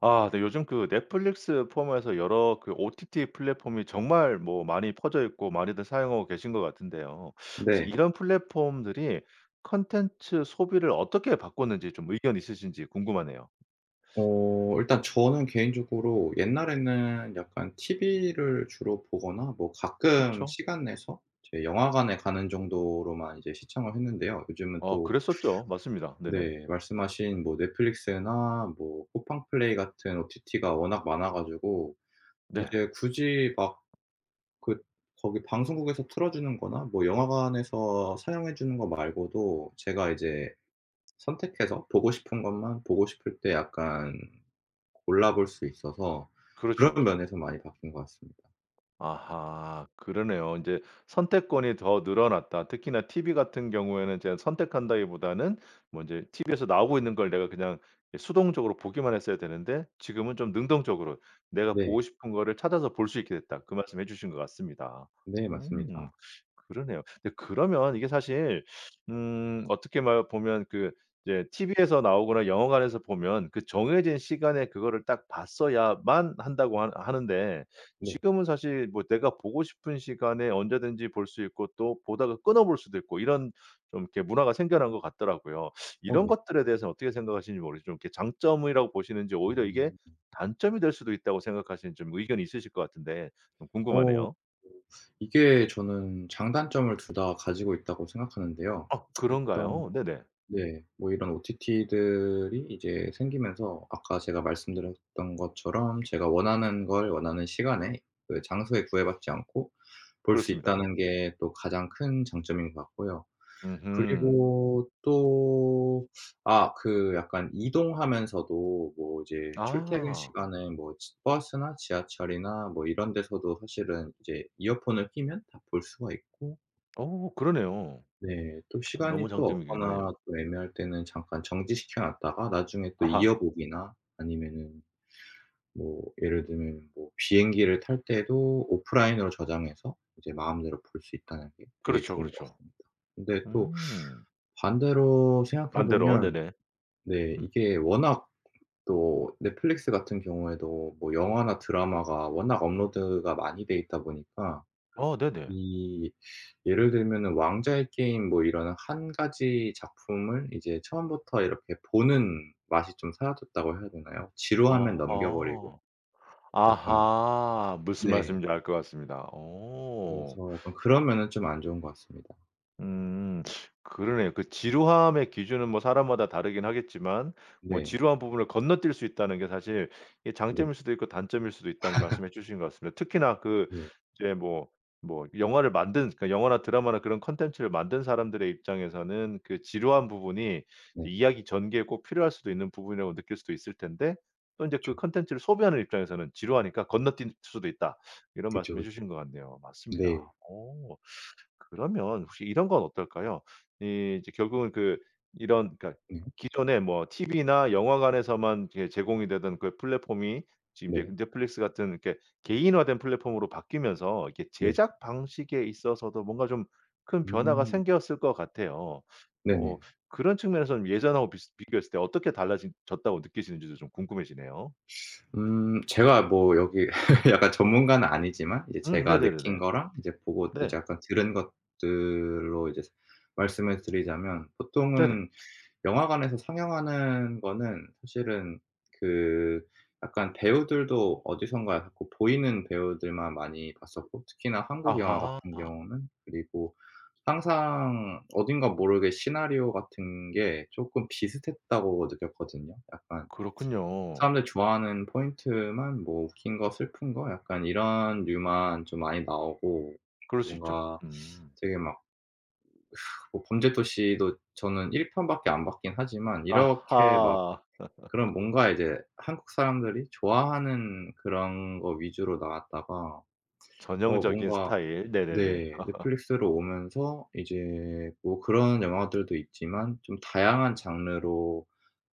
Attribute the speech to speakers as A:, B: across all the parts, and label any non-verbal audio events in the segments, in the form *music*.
A: 아 네 요즘 그 넷플릭스 포함해서 여러 그 OTT 플랫폼이 정말 뭐 많이 퍼져 있고 많이들 사용하고 계신 것 같은데요. *sucks teeth* 혹시
B: 네.
A: 이런 플랫폼들이 콘텐츠 소비를 어떻게 바꿨는지 좀 의견 있으신지 궁금하네요. *sucks teeth*
B: 어 일단 저는 개인적으로 옛날에는 약간 TV를 주로 보거나 뭐 가끔
A: 그쵸.
B: 시간 내서 이제 영화관에 가는 정도로만 이제 시청을 했는데요. 요즘은
A: 어
B: 또
A: 그랬었죠. 맞습니다. 네네.
B: 네 말씀하신 뭐 넷플릭스나 뭐 쿠팡플레이 같은 OTT가 워낙 많아 가지고
A: 네.
B: 이제 굳이 막 그 거기 방송국에서 틀어주는 거나 뭐 영화관에서 상영해 주는 것 말고도 제가 이제 선택해서 보고 싶은 것만 보고 싶을 때 약간 골라볼 수 있어서
A: 그렇죠
B: 그런
A: 그렇죠.
B: 면에서 많이 바뀐 것 같습니다.
A: 아하 그러네요. "인제 선택권이 더 늘어났다. 특히나 TV 같은 경우에는 제가 선택한다기보다는 먼저 이 TV 에서 나오고 있는 걸 내가 그냥 이 수동적으로 보기만 했어야 되는데 지금은 좀 능동적으로 내가
B: 네.
A: 보고 싶은 거를 찾아서 볼 수 있게 됐다." 그 말씀 해주신 것 같습니다.
B: 네.
A: 음
B: 맞습니다.
A: *sucks teeth* 그러네요. *sucks teeth* 근데 그러면 이게 사실 *sucks teeth* 음 어떻게 막 보면 그 이제 TV에서 나오거나 영화관에서 보면 그 정해진 시간에 그거를 딱 봤어야만 한다고 하 하는데
B: 네.
A: *sucks teeth* 지금은 사실 뭐 내가 보고 싶은 시간에 언제든지 볼 수 있고 또 보다가 끊어 볼 수도 있고 이런 *sucks teeth* 좀 이렇게 문화가 생겨난 것 같더라고요. *sucks teeth*
B: 어
A: 이런
B: 네.
A: 것들에 대해서 어떻게 생각하시는지 모르지만 이게 장점이라고 보시는지 오히려 이게
B: 음.
A: 단점이 될 수도 있다고 생각하시는지 좀 의견이 있으실 것 같은데 좀
B: 어.
A: 궁금하네요.
B: 이게 저는 장단점을 2 다 가지고 있다고 생각하는데요.
A: 아
B: *tsk*
A: 그런가요?
B: 일단
A: 네네.
B: 네 뭐 이런 OTT들이 이제 생기면서 아까 제가 말씀드렸던 것처럼 제가 원하는 걸 원하는 시간에 그리고 장소에 구애받지 않고 볼 수
A: 그렇습니다.
B: 있다는 게 또 가장 큰 장점인 것 같고요.
A: 음흠.
B: 그리고 또 *sucks teeth* 아 그 약간 이동하면서도 뭐 이제 출퇴근
A: 아.
B: 시간에 뭐 지 버스나 지하철이나 뭐 이런 데서도 사실은 이제 이어폰을 끼면 다 볼 수가 있고
A: 오 그러네요.
B: 네. 또
A: *smacks lips* 너무
B: 시간이 또
A: 장점이긴
B: 없거나
A: 하네요.
B: 또 애매할 때는 잠깐 정지시켜 놨다가 나중에 또
A: 아하.
B: 이어보기나 아니면은 뭐 예를 들면 뭐 비행기를 탈 때도 오프라인으로 저장해서 이제 마음대로 볼 수 있다는 게 되게
A: 그렇죠
B: 좋은 것
A: 그렇죠.
B: 같습니다. 근데 또
A: 음.
B: 반대로 생각해
A: 반대로.
B: 보면
A: 네네.
B: 네
A: 음.
B: 이게 워낙 *swallows* 또 넷플릭스 같은 경우에도 뭐 영화나 드라마가 워낙 업로드가 많이 되어 있다 보니까
A: 어 네네.
B: 이 *sucks teeth* 예를 들면은 왕좌의 게임 뭐 이런 1 가지 작품을 이제 처음부터 이렇게 보는 맛이 좀 사라졌다고 해야 되나요. 지루하면 넘겨버리고.
A: 어허.
B: 약간
A: 아하. 무슨
B: 네.
A: 말씀인지 알 것 같습니다. 오.
B: 그래서 약간
A: *sucks teeth*
B: 그런 면은 좀 안 좋은 것 같습니다.
A: 음 그러네요. 그 지루함의 기준은 뭐 사람마다 다르긴 하겠지만 뭐
B: 네.
A: "지루한 부분을 건너뛸 수 있다는 게 사실 이
B: 네.
A: 장점일 수도 있고 단점일 수도 있다."는 말씀해
B: *laughs*
A: 주신 것 같습니다. 특히나 그
B: 예.
A: 이제 뭐 뭐 영화를 만든 그러니까 영화나 드라마나 그런 콘텐츠를 만든 사람들의 입장에서는 그 지루한 부분이
B: 네.
A: 이야기 전개에 꼭 필요할 수도 있는 부분이라고 느낄 수도 있을 텐데 또 인제
B: 그쵸.
A: 그 콘텐츠를 소비하는 입장에서는 "지루하니까 건너뛸 수도 있다." 이런
B: 그쵸,
A: 말씀해
B: 그쵸.
A: 주신 것 같네요. 맞습니다.
B: 네.
A: 오. 그러면 혹시 이런 건 어떨까요? 이 이제 결국은 그 이런 그러니까
B: 음.
A: 기존의 뭐 TV나 영화관에서만 이렇게 제공이 되던 그 플랫폼이 지금 이제
B: 네.
A: 넷플릭스 같은 이렇게 개인화된 플랫폼으로 바뀌면서 이렇게
B: 네.
A: 제작 방식에 있어서도 뭔가 좀 큰 변화가
B: 음.
A: 생겼을 것 같아요. 뭐
B: 네네.
A: 그런 측면에선 예전하고 비스 비교했을 때 어떻게 달라진 졌다고 느끼시는지도 좀 궁금해지네요.
B: *sucks teeth* 음. 제가 뭐 여기 *laughs* 약간 전문가는 아니지만 이제
A: 음
B: 제가 느낀
A: 네네네네.
B: 거랑 이제 보고 이제
A: 네.
B: 약간 들은 것들로 이제 말씀을 드리자면
A: 네네.
B: 보통은 영화관에서 상영하는 거는 사실은 그 약간 배우들도 어디선가 약간 보 보이는 배우들만 많이 봤었고 특히나 한국 영화 같은
A: 아하.
B: 경우는. 그리고 항상 어딘가 모르게 '시나리오 같은 게 쪼끔 비슷했다.'고 느꼈거든요. 약간
A: 그렇군요.
B: 사람들이 좋아하는 포인트만 뭐 웃긴 거, 슬픈 거 약간 이런 류만 좀 많이 나오고
A: 그럴 수 있죠.
B: 뭔가
A: 음.
B: 되게 막 뭐 범죄 도시도 저는 1 편밖에 안 봤긴 하지만 이렇게 막
A: 아하.
B: 그런
A: *laughs*
B: 뭔가 이제 한국 사람들이 좋아하는 그런 거 위주로 나왔다가 어
A: 전형적인
B: 뭔가
A: 스타일. 네네네.
B: 네
A: *laughs*
B: 넷플릭스로 오면서 이제 뭐 그런 영화들도 있지만 좀 다양한 장르로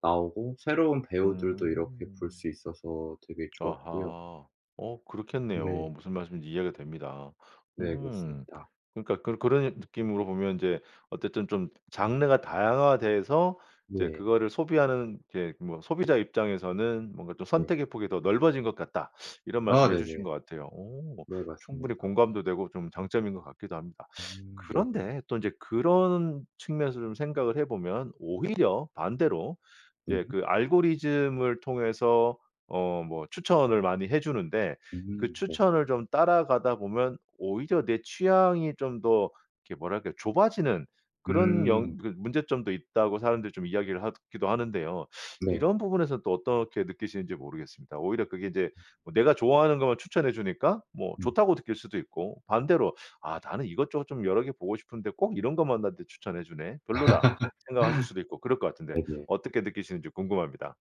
B: 나오고 새로운 배우들도 이렇게 볼
A: 음.
B: 수 있어서 되게 좋았고요.
A: 아하. 어 그렇겠네요.
B: 네.
A: 무슨 말씀이신지 이해가 됩니다.
B: 네
A: 음.
B: 그렇습니다.
A: 그러니까 그 그런 느낌으로 보면 인제 어쨌든 좀 장르가 다양화돼서 이제
B: 네.
A: 그거를 소비하는 이렇게 뭐 소비자 입장에서는 뭔가 좀
B: 네.
A: "선택의 폭이 더 넓어진 것 같다." 이런
B: 아
A: 말씀해 주신
B: 네네.
A: 것 같아요. 오.
B: 네
A: 충분히
B: 맞습니다.
A: 공감도 되고 좀 장점인 것 같기도 합니다. *sucks teeth*
B: 음. 네네.
A: 그런데 또 인제 그런 측면에서 좀 생각을 해 보면 오히려 반대로
B: 음.
A: 예 그 알고리즘을 통해서 어 뭐 추천을 많이 해 주는데 그
B: 음 네.
A: 추천을 좀 따라가다 보면 오히려 내 취향이 좀 더 이렇게 뭐랄까요. "좁아지는 그런
B: 음.
A: 영 그런 문제점도 있다."고 사람들이 좀 이야기를 하기도 하는데요. *sucks teeth*
B: 네.
A: 이런 부분에선 또 어떻게 느끼시는지 모르겠습니다. 오히려 그게 인제 뭐 '내가 좋아하는 것만 추천해 주니까 뭐
B: 음.
A: 좋다.'고 느낄 수도 있고 반대로 '아 나는 이것저것 좀 여러 개 보고 싶은데 꼭 이런 것만 나한테 추천해 주네. 별로다.' 생각하실 수도 있고 그럴 것
B: *laughs*
A: 같은데
B: 네네.
A: 어떻게 느끼시는지 궁금합니다.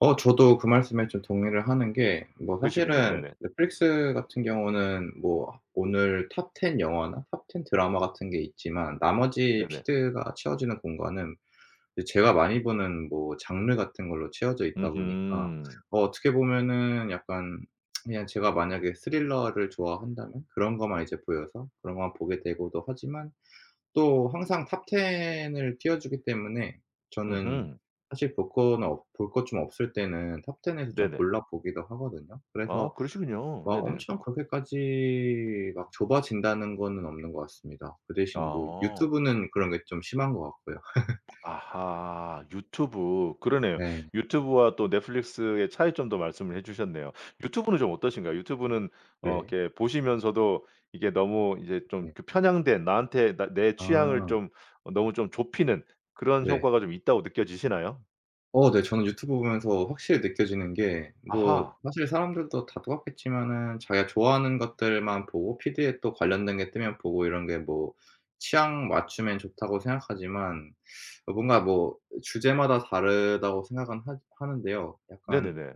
B: 어 저도 그 말씀에 좀 동의를 하는 게 뭐
A: 그러시군요.
B: 사실은
A: 네네.
B: 넷플릭스 같은 경우는 뭐 오늘 톱 10 영화나 톱 10 드라마 같은 게 있지만 나머지
A: 네네.
B: 피드가 채워지는 공간은 이 제가 많이 보는 뭐 장르 같은 걸로 채워져 있다 보니까
A: 으흠.
B: 어 어떻게 보면은 약간 *tsk* 그냥 제가 만약에 스릴러를 좋아한다면 그런 것만 이제 보여서 그런 것만 보게 되고도 하지만 또 항상 톱 10 을 띄워주기 때문에 저는
A: 으흠.
B: 사실 볼 거나 없 볼 것 좀 없을 때는 톱 10 에서 좀
A: 네네.
B: 골라 보기도 하거든요.
A: 아
B: 그래서
A: 그러시군요.
B: 막
A: 네네.
B: 엄청 '그렇게까지 막 좁아진다.'는 거는 없는 것 같습니다. 그 대신 뭐
A: 아.
B: 유튜브는 그런 게 좀 심한 것 같고요. *laughs*
A: 아하. 유튜브. 그러네요.
B: 네.
A: 유튜브와 또 넷플릭스의 차이점도 말씀을 해주셨네요. 유튜브는 좀 어떠신가요? 유튜브는 어
B: 네.
A: 이렇게 보시면서도 이게 너무 이제 좀
B: 네.
A: 그 편향된 나한테 나 내 취향을
B: 아.
A: 좀 어 너무 좀 좁히는 그런
B: 네.
A: 효과가 좀 있다고 느껴지시나요?
B: 어 네. 저는 유튜브 보면서 확실히 느껴지는 게 뭐
A: 아하.
B: 사실 사람들도 다 똑같겠지만은 자기가 좋아하는 것들만 보고 피드에 또 관련된 게 뜨면 보고 이런 게 뭐 '취향 맞추면 좋다.'고 생각하지만 *sucks teeth* 그 뭔가 뭐 주제마다 다르다고 생각은 하 하는데요. 약간
A: 네네네.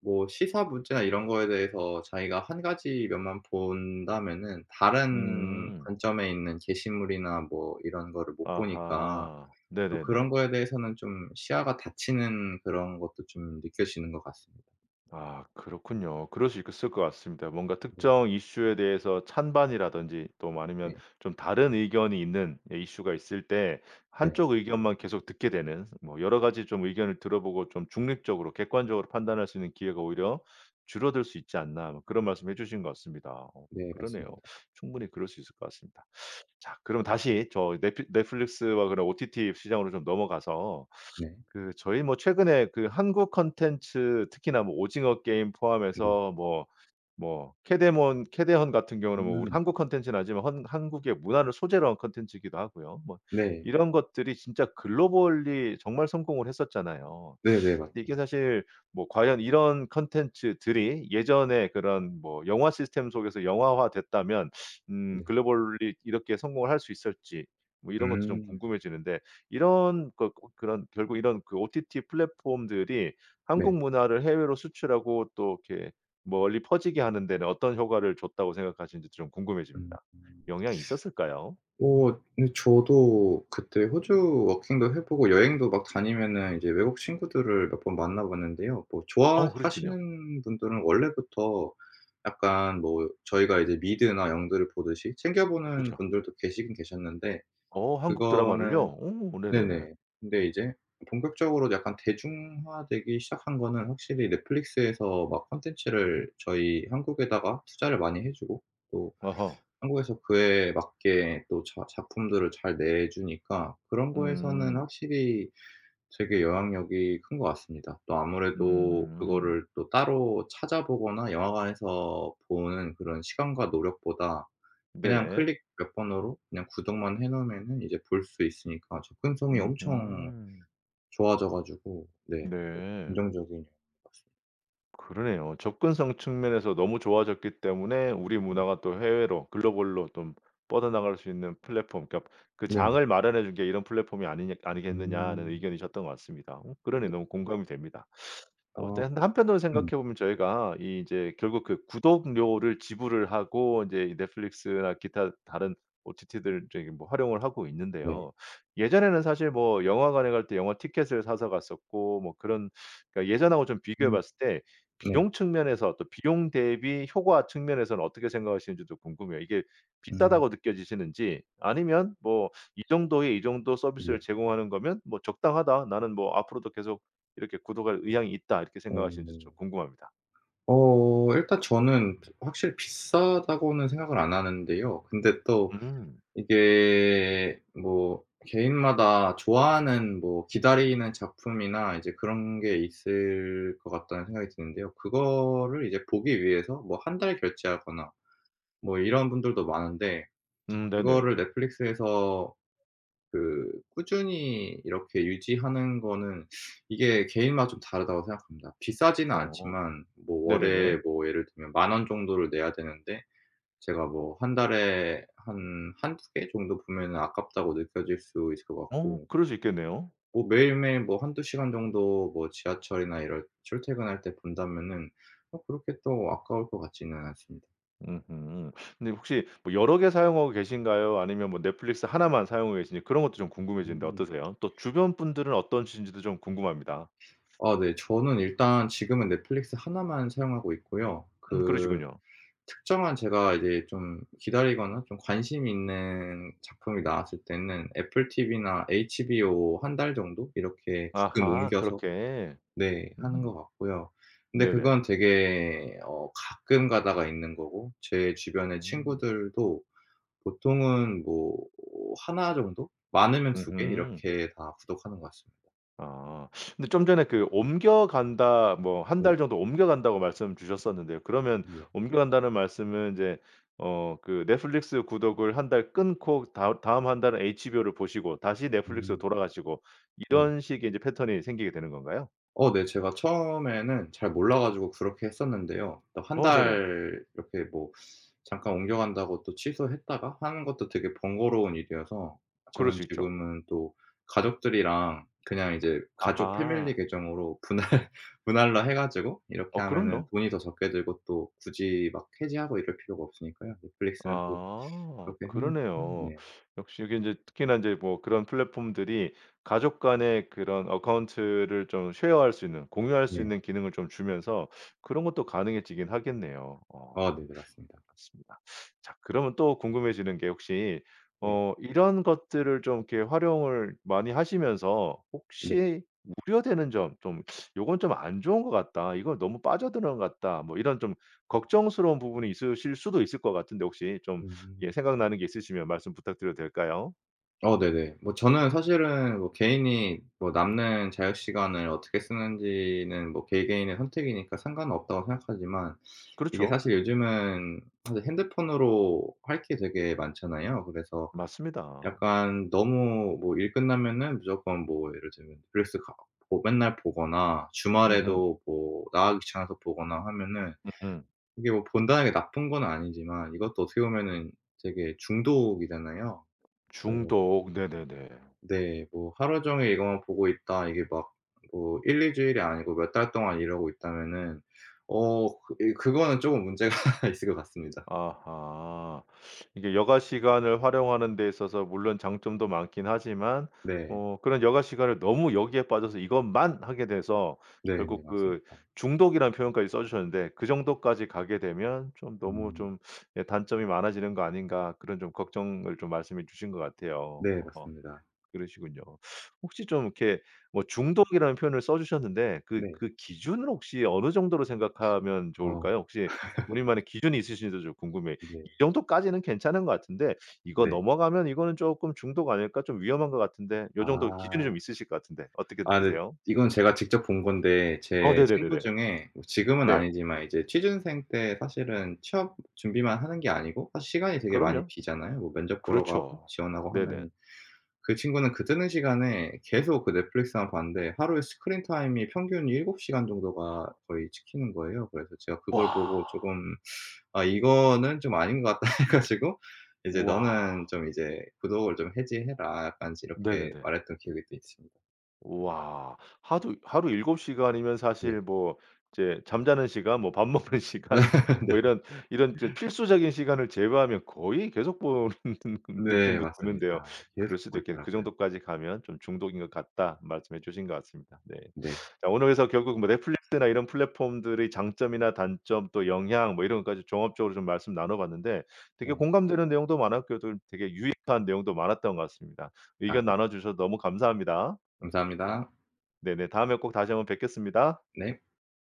B: 뭐 시사 문제나 이런 거에 대해서 자기가 1 가지 면만 본다면은 다른
A: 음.
B: 관점에 있는 게시물이나 뭐 이런 거를 못 보니까
A: 아하.
B: 또 그런
A: 네네네.
B: 거에 대해서는 좀 시야가 닫히는 그런 것도 좀 느껴지는 것 같습니다.
A: 아 그렇군요. 그럴 수 있을 것 같습니다. 뭔가
B: 네.
A: 특정 이슈에 대해서 찬반이라든지 또 뭐 아니면
B: 네.
A: 좀 다른 의견이 있는 예 이슈가 있을 때
B: 네.
A: 한쪽 의견만 계속 듣게 되는 뭐 "여러 가지 좀 의견을 들어보고 좀 중립적으로 객관적으로 판단할 수 있는 기회가 오히려 줄어들 수 있지 않나?" 뭐 그런 말씀해 주신 것 같습니다. 어
B: 네
A: 그러네요.
B: 맞습니다.
A: 충분히 그럴 수 있을 것 같습니다. 자 그럼 다시 저 넷플 넷플릭스와 그런 OTT 시장으로 좀 넘어가서
B: 네.
A: 그 저희 뭐 최근에 그 한국 콘텐츠 특히나 뭐 오징어 게임
B: 네.
A: 포함해서 뭐 뭐 캐데몬 캐데헌 같은 경우는 뭐 우리
B: 음.
A: 한국 콘텐츠는 아니지만 헌 한국의 문화를 소재로 한 콘텐츠이기도 하고요. 뭐
B: 네.
A: 이런 것들이 진짜 글로벌리 정말 성공을 했었잖아요.
B: 네네
A: 근데 이게
B: 맞아요.
A: 사실 뭐 과연 이런 콘텐츠들이 예전에 그런 뭐 영화 시스템 속에서 영화화 됐다면 음
B: 네.
A: 글로벌리 이렇게 성공을 할 수 있을지 뭐 이런 것도 좀
B: 음.
A: 궁금해지는데 이런 것 그 어 그런 결국 이런 그 OTT 플랫폼들이
B: 네.
A: 한국 문화를 해외로 수출하고 또 이렇게 멀리 퍼지게 하는 데는 '어떤 효과를 줬다.'고 생각하시는지 좀
B: 음.
A: 궁금해집니다. 영향이 있었을까요?
B: *sucks teeth* 어 네. 저도 그때 호주 워킹도 해 보고 여행도 막 다니면은 외국 친구들을 몇 번 만나봤는데요. 뭐
A: 어 그러셨군요.
B: 좋아하시는 분들은 원래부터 약간 뭐 저희가 이제 미드나 영드를 보듯이 챙겨보는
A: 그쵸.
B: 분들도 계시긴 계셨는데
A: 어 한국 드라마를요?
B: 그거는
A: 어 네네네.
B: 네네 근데 이제 본격적으로 약간 대중화되기 시작한 거는 확실히 넷플릭스에서 막 콘텐츠를 저희 한국에다가 투자를 많이 해 주고 또
A: 어허.
B: 한국에서 그에 맞게 또 자 작품들을 잘 내 주니까 그런 거에서는
A: 음.
B: 확실히 되게 영향력이 큰 것 같습니다. 또 아무래도
A: 음.
B: 그거를 또 따로 찾아보거나 영화관에서 보는 그런 시간과 노력보다 그냥
A: 네네.
B: 클릭 몇 번으로 그냥 구독만 해 놓으면은 이제 볼 수 있으니까 접근성이 엄청
A: 으흠.
B: 좋아져 가지고 네.
A: 네.
B: 긍정적인 영향 맞습니다.
A: 그러네요. 접근성 측면에서 너무 좋아졌기 때문에 우리
B: 음.
A: 문화가 또 해외로 글로벌로 좀 뻗어나갈 수 있는 플랫폼 그러니까 "그
B: 네.
A: 장을 마련해 준 게 이런 플랫폼이 아니냐 아니겠느냐."는
B: 음.
A: 의견이셨던 것 같습니다. 어 그러네
B: 네.
A: 너무 공감이 됩니다. *sucks teeth* 어 또
B: 아.
A: 근데 한편으로 생각해
B: *clears throat*
A: 보면 저희가 이 이제 결국 그 구독료를 지불을 하고 이제 이 넷플릭스나 기타 다른 OTT들 저기 뭐 활용을 하고
B: 네.
A: 있는데요. 예전에는 사실 뭐 영화관에 갈 때 영화 티켓을 사서 갔었고 뭐 그런 그러니까 예전하고 좀 비교해
B: 음.
A: 봤을 때
B: 네.
A: 비용 측면에서 또 비용 대비 효과 측면에서는 어떻게 생각하시는지도 궁금해요. 이게
B: 음.
A: 비싸다고 느껴지시는지 아니면 뭐 '이 정도의 이 정도 서비스를
B: 네.
A: 제공하는 거면 뭐 적당하다. 나는 뭐 앞으로도 계속 이렇게 구독할 의향이 있다.' 이렇게 생각하시는지도 좀
B: 오.
A: 궁금합니다.
B: 어. 일단 저는 피 확실히 비싸다고는 생각을 안 하는데요. 근데 또
A: 음.
B: 이게 뭐 '개인마다 좋아하는 뭐 기다리는 작품이나 이제 그런 게 있을 것 같다.'는 생각이 드는데요. 그거를 이제 보기 위해서 뭐 1 달 결제하거나 뭐 이런 분들도 많은데
A: 음 네네.
B: 그거를 넷플릭스에서 그 꾸준히 이렇게 유지하는 거는 *sucks teeth* 이게 '개인마다 좀 다르다.'고 생각합니다. 비싸지는
A: 어.
B: 않지만 뭐 월에
A: 네네네.
B: 뭐 예를 들면 10,000 원 정도를 내야 되는데 제가 뭐 1 달에 한 1-2 개 정도 보면은 '아깝다.'고 느껴질 수 있을 것
A: 어
B: 같고
A: 그럴 수 있겠네요.
B: 뭐 매일매일 뭐 1-2 시간 정도 뭐 지하철이나 이런 출퇴근할 때 본다면은 어 그렇게 또 아까울 것 같지는 않습니다.
A: 으흠. 근데 혹시 뭐 여러 개 사용하고 계신가요 아니면 뭐 넷플릭스 1 만 사용하고 계신지 그런 것도 좀 궁금해지는데
B: 음.
A: 어떠세요? 또 주변 분들은 어떤 신지도 좀 궁금합니다.
B: 아 네. 저는 일단 지금은 넷플릭스 1 만 사용하고 있고요.
A: 음
B: 그
A: 그러시군요.
B: 특정한 제가 이제 좀 기다리거나 좀 관심 있는 작품이 나왔을 때는 애플TV나 HBO 1 달 정도? 이렇게 가끔
A: 아하.
B: 옮겨서
A: 그렇게.
B: 네 하는
A: 음.
B: 것 같고요. 그런데
A: 네네.
B: 그건 되게 어 가끔 가다가 있는 거고 제 주변의
A: 음.
B: 친구들도 보통은 뭐 1 정도? 많으면 2 개?
A: 으음.
B: 이렇게 다 구독하는 것 같습니다.
A: 아. *sucks teeth* 근데 좀 전에 그 "옮겨간다." 뭐 "1
B: 네.
A: 달 정도 옮겨간다."고 말씀 주셨었는데요. 그러면
B: 예.
A: "옮겨간다."는 말씀은 이제 어 그 넷플릭스 구독을 1 달 끊고 다 다음 1 달은 HBO를 보시고 다시 넷플릭스로
B: 음.
A: 돌아가시고
B: 네.
A: 이런 식의 이제 패턴이 생기게 되는 건가요?
B: 어 네. 제가 처음에는 잘 몰라 가지고 그렇게 했었는데요. 어 1
A: 어 네네.
B: 달 이렇게 뭐 잠깐 옮겨간다고 또 취소했다가 하는 것도 되게 번거로운 일이어서
A: 그럴
B: 저는
A: 수 있죠.
B: 지금은 또 가족들이랑 그냥 이제 가족
A: 아하.
B: 패밀리 계정으로 분할 분할로 해 가지고 이렇게
A: 어
B: 하면은
A: 그럼요.
B: 돈이 더 적게 들고 또 굳이 막 해지하고 이럴 필요가 없으니까요. 넷플릭스는 또
A: 아
B: 그렇게 해 놓고
A: 그러네요.
B: 네.
A: 역시 이게 인제 특히나 인제 뭐 그런 플랫폼들이 가족 간의 그런 어카운트를 좀 share 할 수 있는 공유할 수
B: 네.
A: 있는 기능을 좀 주면서 그런 것도 가능해지긴 하겠네요. 어
B: 아 네네. 맞습니다.
A: 그렇습니다. 자 그러면 또 궁금해지는 게 혹시
B: 네.
A: 어 이런 것들을 좀 이렇게 활용을 많이 하시면서
B: 네.
A: 혹시 우려되는 점. 좀 '요건 좀 안 좋은 것 같다. 이건 너무 빠져 드는 것 같다.' 뭐 이런 좀 걱정스러운 부분이 있으실 수도 있을 것 같은데 혹시 좀 예
B: 음.
A: 생각나는 게 있으시면 말씀 부탁드려도 될까요?
B: 어 네네. 뭐 저는 사실은 뭐 개인이 뭐 남는 자유시간을 어떻게 쓰는지는 뭐 '개개인의 선택이니까 상관은 없다.'고 생각하지만 이게
A: 그렇죠.
B: 사실 요즘은 다들 핸드폰으로 할 게 되게 많잖아요. 그래서
A: 맞습니다.
B: 약간 너무 뭐 일 끝나면은 무조건 뭐 예를 들면 릴스카 뭐 맨날 보거나
A: 으흠.
B: 주말에도 뭐 나가기 귀찮아서 보거나 하면은
A: 으흠.
B: 이게 뭐 본다는 게 나쁜 건 아니지만 이것도 어떻게 보면은 되게 중독이잖아요. 그래 가지고
A: 중독. 네네네.
B: 네. 뭐 하루 종일 이거만 보고 있다. 이게 막 뭐 1-2 주일이 아니고 몇 달 동안 이러고 있다면은 어 그 예 그거는 쪼금 문제가 있을 것 같습니다.
A: 아하. 이게 여가 시간을 활용하는 데 있어서 물론 장점도 많긴 하지만
B: 네.
A: 뭐 그런 여가 시간을 너무 여기에 빠져서 이것만 하게 돼서
B: 네네.
A: 결국 그
B: 맞습니다.
A: 중독이란 표현까지 써 주셨는데 "그 정도까지 가게 되면 좀 너무
B: 음.
A: 좀 예 단점이 많아지는 거 아닌가." 그런 좀 걱정을 좀 말씀해 주신 것 같아요.
B: 네
A: 어
B: 맞습니다.
A: 그러시군요. *sucks teeth* 혹시 좀 이렇게 뭐 중독이라는 표현을 써 주셨는데 그
B: 네.
A: 그 기준은 혹시 어느 정도로 생각하면
B: 아. *laughs*
A: 좋을까요? 혹시 우리만의 기준이 있으신지도 좀 궁금해요. '이
B: 네.
A: 정도까지는 괜찮은 것 같은데 이거
B: 네.
A: 넘어가면 이거는 쪼끔 중독 아닐까? 좀 위험한 것 같은데?' 요 정도 기준이
B: 아.
A: 좀 있으실 것 같은데 어떻게
B: 아 네.
A: 느끼세요?
B: 이건 제가 직접 본 건데
A: 어
B: 제 친구
A: 네네네네.
B: 중에 뭐 지금은
A: 네.
B: 아니지만 이제 취준생 때 사실은 취업 준비만 하는 게 아니고 사실 시간이 되게 많이
A: 그럼요.
B: 비잖아요. 뭐 면접 보러 가고
A: 그렇죠.
B: 지원하고
A: 네네.
B: 하면은. 그 친구는 그 뜨는 시간에 계속 그 넷플릭스만 봤는데 하루에 스크린타임이 평균 7 시간 정도가 거의 찍히는 거예요. 그래서 제가 그걸 보고
A: 와.
B: 쪼금 *sucks teeth* '아 이거는 좀 아닌 것 같다.' 해 가지고 이제
A: 우와.
B: "너는 좀 이제 구독을 좀 해지해라." 약간 이제 이렇게
A: 네네네.
B: 말했던 기억이 또 있습니다.
A: 우와. 하두 하루 7 시간이면
B: 네.
A: 사실 뭐 이제 잠자는 시간 뭐 밥 먹는 시간
B: *laughs*
A: 뭐
B: 네.
A: 이런 이런
B: *laughs*
A: 필수적인 시간을 제외하면 거의 계속 보는
B: 네
A: 느낌도 드는데요.
B: 맞습니다.
A: 그럴
B: 계속 보고
A: 수도 있겠네. "그
B: 있더라고요.
A: 정도까지 가면 좀 중독인 것 같다." 말씀해 주신 것 같습니다. 네.
B: 네.
A: *sucks teeth* 자 오늘 그래서 결국 뭐 넷플릭스나 이런 플랫폼들의 장점이나 단점 또 영향 뭐 이런 것까지 종합적으로 좀 말씀 나눠 봤는데 되게
B: 네.
A: 공감되는 내용도 많았고 또 되게 유익한 내용도 많았던 것 같습니다.
B: 아
A: 의견
B: 네.
A: 나눠 주셔서 너무 감사합니다.
B: 감사합니다.
A: 네네. 다음에 꼭 다시 한번 뵙겠습니다.
B: 네.